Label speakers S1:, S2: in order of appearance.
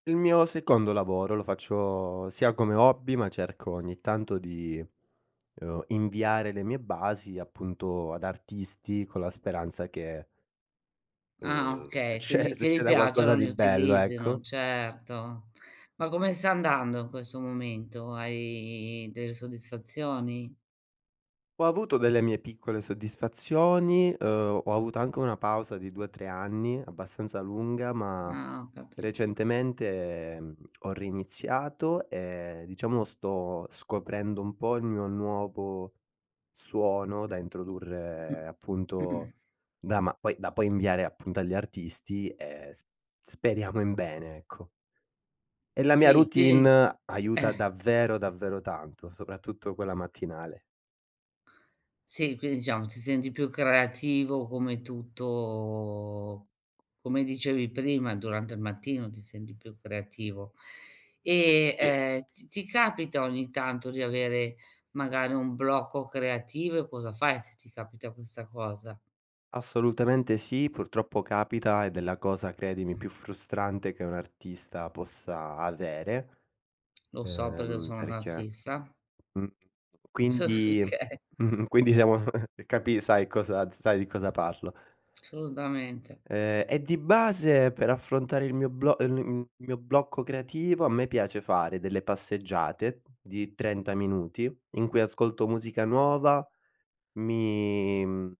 S1: Il mio secondo lavoro lo faccio sia come hobby, ma cerco ogni tanto di, uhm, inviare le mie basi, appunto, ad artisti, con la speranza che,
S2: Ah,
S1: uhm,
S2: okay, che gli
S1: cioè,
S2: che gli
S1: succeda qualcosa
S2: piacciano, li
S1: di bello,
S2: utilizzino.
S1: ecco.
S2: Certo. Ma come sta andando in questo momento? Hai delle soddisfazioni?
S1: Ho avuto delle mie piccole soddisfazioni, uhm, ho avuto anche una pausa di 2, 3 anni abbastanza lunga, ma,
S2: Ah, ho capito.
S1: recentemente, mhmm, ho riniziato e, diciamo, sto scoprendo un po' il mio nuovo suono da introdurre, appunto, da ma poi da poi inviare, appunto, agli artisti, e sp speriamo in bene, ecco. E la mia
S2: Sì, quindi
S1: routine
S2: Eh.
S1: aiuta davvero, davvero tanto, soprattutto quella mattinale.
S2: Sì, quindi, diciamo, ti senti più creativo, come tutto c c come dicevi prima, durante il mattino ti senti più creativo. E,
S1: Sì.
S2: ehm, ti ti capita ogni tanto di avere, magari, un blocco creativo, e cosa fai se ti capita questa cosa?
S1: Assolutamente sì, purtroppo capita ed è la cosa, credimi, più frustrante che un artista possa avere,
S2: Lo so perché
S1: uhm,
S2: sono un'
S1: perché
S2: artista.
S1: Mh.
S2: Soff
S1: Quindi
S2: oka
S1: Mh-mh. quindi, siamo capi sai cosa s sai di cosa parlo.
S2: Assolutamente.
S1: Uhm, e di base, per affrontare il mio blo uhm, n i mhmm, il mio blocco creativo, a me piace fare delle passeggiate di 30 minuti in cui ascolto musica nuova, mi, mhmm